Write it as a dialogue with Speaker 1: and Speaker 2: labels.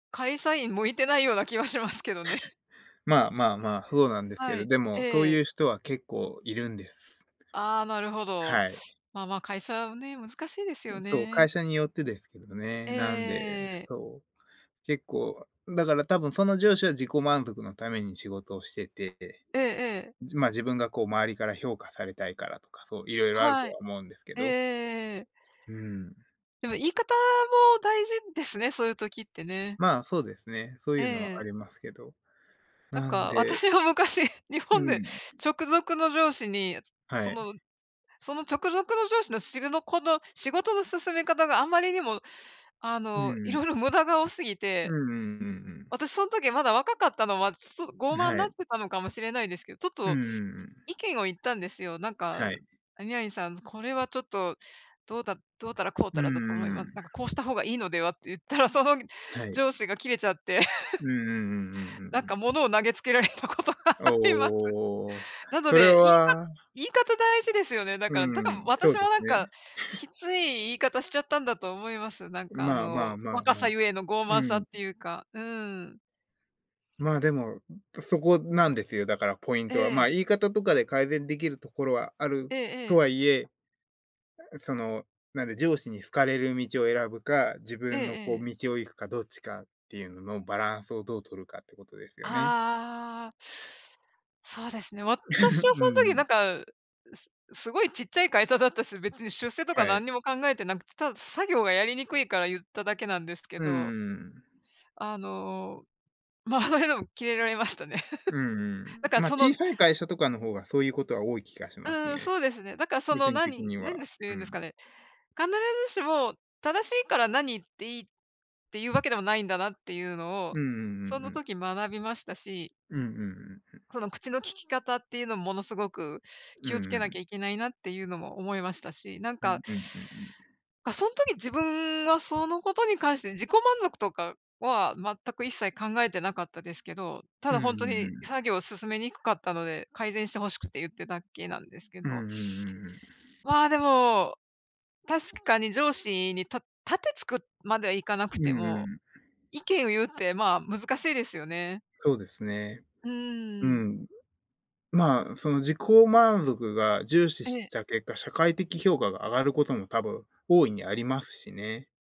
Speaker 1: 会社員向いてないような気はしますけどね。
Speaker 2: まあまあまあ、ふうなんですけ
Speaker 1: は
Speaker 2: ど、
Speaker 1: い。
Speaker 2: でも、そう
Speaker 1: え
Speaker 2: い
Speaker 1: え。
Speaker 2: う人は結構いるんです。
Speaker 1: ああ、なるほど。
Speaker 2: はい。
Speaker 1: まあまあ会社ね、難しいです
Speaker 2: う
Speaker 1: よ
Speaker 2: ん、そう、
Speaker 1: ね。
Speaker 2: 会社によってですけどね。
Speaker 1: ええええ
Speaker 2: なんで、
Speaker 1: ええええ。
Speaker 2: そう。結構、だから多分その上司は自己満足のために仕事をしてて、
Speaker 1: ええええ。
Speaker 2: じまあ、自分がこう周りから評価されたいからとか、そう、色々あると
Speaker 1: はい。
Speaker 2: は思うんですけ
Speaker 1: えええ
Speaker 2: ど。
Speaker 1: えええええ。
Speaker 2: うん。
Speaker 1: でも言い方も大事ですね、そういう時ってね。
Speaker 2: まあ、そうですね。そう
Speaker 1: え
Speaker 2: いうのはあ
Speaker 1: え。
Speaker 2: りますけど。
Speaker 1: なん
Speaker 2: なん
Speaker 1: か、
Speaker 2: で
Speaker 1: 私は昔日
Speaker 2: う
Speaker 1: 本で
Speaker 2: ん。
Speaker 1: 直属の上司に、つ
Speaker 2: は
Speaker 1: そ
Speaker 2: い。
Speaker 1: のその直属の上司の、しるのこの仕事の進め方があんまりにも、あ
Speaker 2: うん
Speaker 1: の、
Speaker 2: うん。
Speaker 1: 色々無駄が多すぎ
Speaker 2: う
Speaker 1: て、
Speaker 2: んうんうんうん。
Speaker 1: 私そん時まだ若かったのは、ちょっと傲
Speaker 2: ぬ、
Speaker 1: 慢
Speaker 2: は
Speaker 1: なっ
Speaker 2: い。
Speaker 1: てたのかもしれないですけど、ちょっ
Speaker 2: うん
Speaker 1: と
Speaker 2: うんうん。
Speaker 1: 意見を言ったんですよ。なんか
Speaker 2: はい。
Speaker 1: 「何々さん、これはちょっと、どうだどうたらこうた
Speaker 2: う
Speaker 1: らだ
Speaker 2: ん
Speaker 1: と思い
Speaker 2: う
Speaker 1: ま
Speaker 2: ん。
Speaker 1: なんかこうした方がいいのでは」って言ったら、そのぐ
Speaker 2: はい。
Speaker 1: 上司が切れちゃって。
Speaker 2: うんうんうんうん
Speaker 1: な
Speaker 2: う
Speaker 1: ん
Speaker 2: んう
Speaker 1: か
Speaker 2: ん。
Speaker 1: 物を投げつけられたことがあります。
Speaker 2: おお。
Speaker 1: なの
Speaker 2: それ
Speaker 1: で、言いか
Speaker 2: は
Speaker 1: 言い方大事ですよね、だ
Speaker 2: う
Speaker 1: から、だか
Speaker 2: ー
Speaker 1: ん、
Speaker 2: ん。そ
Speaker 1: 私
Speaker 2: うで
Speaker 1: もな
Speaker 2: す
Speaker 1: ん
Speaker 2: ね。
Speaker 1: か、きつい言い方しちゃったんだと思います。なんかあ
Speaker 2: まあま
Speaker 1: の
Speaker 2: あまあ
Speaker 1: 若
Speaker 2: ま
Speaker 1: さ
Speaker 2: あ。
Speaker 1: ゆえの傲慢さ
Speaker 2: う
Speaker 1: っ
Speaker 2: ん。
Speaker 1: ていうか。うーん。
Speaker 2: まあ、でも、うん、そこなんですよ、だからポイン
Speaker 1: え
Speaker 2: トは。ま
Speaker 1: え。
Speaker 2: あ、言い方とかで改善できるところはある
Speaker 1: ええ
Speaker 2: と
Speaker 1: ええ。
Speaker 2: はいえ、え、その、なんで、上司に好かれる道を選ぶか、自
Speaker 1: ええ
Speaker 2: 分のこう
Speaker 1: ええ。
Speaker 2: 道を行くかどっちかっていうののバランスをどう取るかってことですよね。
Speaker 1: ああ。そうですね。私は
Speaker 2: う
Speaker 1: その
Speaker 2: んう
Speaker 1: 時な
Speaker 2: ん。
Speaker 1: んか、すすごいちっちゃい会社だったし、別に出世とか
Speaker 2: はい。
Speaker 1: 何にも考えてなくて、ただ作業がやりに
Speaker 2: うん。
Speaker 1: くいから言っただけなんですけ
Speaker 2: うんう
Speaker 1: ど
Speaker 2: んうん。
Speaker 1: あの、まあ、それでもキレられましたね。
Speaker 2: うん う
Speaker 1: だ
Speaker 2: ん。
Speaker 1: から
Speaker 2: ま、
Speaker 1: そ
Speaker 2: 小
Speaker 1: の
Speaker 2: さい会社とかの方が、そういうことは多い気がし
Speaker 1: う
Speaker 2: ます
Speaker 1: ん
Speaker 2: ね。
Speaker 1: うん。そうですね。だからそ
Speaker 2: 個
Speaker 1: の、
Speaker 2: 人的
Speaker 1: 何
Speaker 2: に
Speaker 1: 何
Speaker 2: は
Speaker 1: でしゅ
Speaker 2: う
Speaker 1: うんですか
Speaker 2: ん。
Speaker 1: ね。必ずしも正しいから何言っていいっていうわけでもないんだなっていうのを、
Speaker 2: うんうんうん
Speaker 1: そ
Speaker 2: う
Speaker 1: の
Speaker 2: ん。
Speaker 1: 時学びましたし
Speaker 2: うんうんうんうん。
Speaker 1: その口の利き方っていうの、ものすごく
Speaker 2: う
Speaker 1: 気をつ
Speaker 2: ん
Speaker 1: け
Speaker 2: う
Speaker 1: なき
Speaker 2: ん。
Speaker 1: ゃいけないなっていうのも思いましたし。なん
Speaker 2: うん
Speaker 1: か
Speaker 2: うんうんうん。
Speaker 1: か、そん時自分がそのことに関して、自己満足とかは全く一切考えてなかったですけど、た
Speaker 2: うん
Speaker 1: だ
Speaker 2: う
Speaker 1: ほん
Speaker 2: ん
Speaker 1: と
Speaker 2: う
Speaker 1: に作
Speaker 2: ん。
Speaker 1: 業進めにくかったので、改善してほしくて言ってだけなんですけ
Speaker 2: うんうん
Speaker 1: ど
Speaker 2: うんうん。
Speaker 1: まあ、でも、確かに上司に、た盾突くまではいかなく
Speaker 2: う
Speaker 1: て
Speaker 2: んう
Speaker 1: も、
Speaker 2: ん。
Speaker 1: 意見を言うってまあ、難しいですよね。
Speaker 2: そうですね。
Speaker 1: うんう
Speaker 2: う
Speaker 1: んうん。
Speaker 2: ん。まあ、その自己満足が重視
Speaker 1: え
Speaker 2: し
Speaker 1: え。
Speaker 2: た結果、社会的評価が上がることも多分、大いにありますしね。